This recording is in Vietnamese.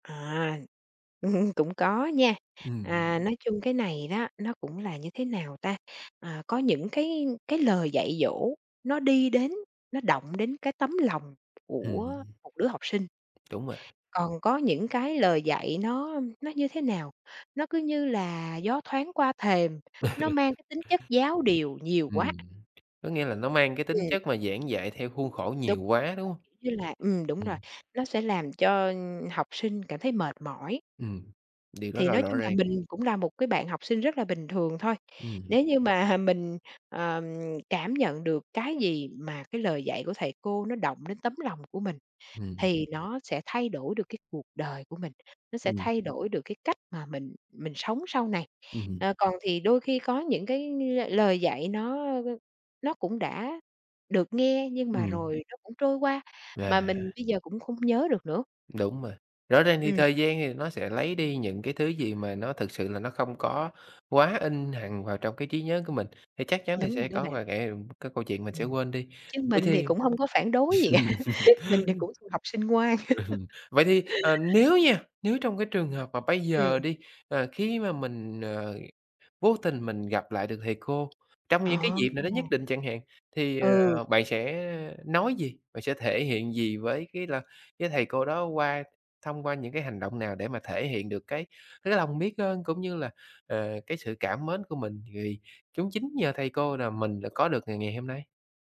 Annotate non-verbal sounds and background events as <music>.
À! <chuckles> Cũng có nha. Ừm. À, nói chung cái này đó, nó cũng là như thế nào ta? À, có những cái cái lời dạy dỗ nó đi đến, nó động đến cái tấm lòng Ừm của hưm. một đứa học sinh. Đúng vậy. Còn có những cái lời dạy nó nó như thế nào? Nó cứ như là gió thoáng qua thềm, nó mang cái tính chất giáo điều <chuckles> nhiều quá. Ừm. Có nghĩa là nó mang cái tính Ừm. chất mà giảng dạy theo khuôn khổ Đúng. nhiều quá, đúng hông? Mà kiểu như là ừm, đúng rồi, Ừm. nó sẽ làm cho, ưm, học sinh cảm thấy mệt mỏi. Ừm. Điều đó Thì là nói rõ chung là ràng. mình cũng là một cái bạn học sinh rất là bình thường thôi. Ừm hứm. Nếu như mà mình, ờ, cảm nhận được cái gì mà cái lời dạy của thầy cô nó động đến tấm lòng của mình Ừm. thì nó sẽ thay đổi được cái cuộc đời của mình. Nó sẽ Ừm. thay đổi được cái cách mà mình mình sống sau này. Ừm hứm. Ờ, còn thì đôi khi có những cái, ưm, lời dạy nó, ơ, ơ, nó cũng đã được nghe nhưng mà Ừm. rồi nó cũng trôi qua, mà mình À. bây giờ cũng không nhớ được nữa. Đúng rồi, rõ ràng thì Ừm. thời gian thì nó sẽ lấy đi những cái thứ gì mà nó thực sự là nó không có quá in hằng vào trong cái trí nhớ của mình, thì chắc chắn là Đúng sẽ rồi đó có bạn. vài cái, ưm cái câu chuyện mình sẽ Ừm. quên đi. Chứ Vậy mình thì thì, cũng hông có phản đối gì. <laughs> Mình thì cũng <chuckles> thuộc học sinh ngoan. ừm, vậy thì, ờ, <laughs> nếu nha, nếu trong cái trường hợp mà bây giờ Ừm. đi, ờ, khi mà mình, ờ, vô tình mình gặp lại được thầy cô trong những cái À. dịp nào nó nhất định chẳng hạn, thì, Ừ. ờ, bạn sẽ nói gì? Bạn sẽ thể hiện gì với cái là cái thầy cô đó qua thông qua những cái hành động nào để mà thể hiện được cái cái lòng biết ơn, cũng như là, ờ, cái sự cảm mến của mình vì cũng chính nhờ thầy cô là mình đã có được ngày ngày hôm nay.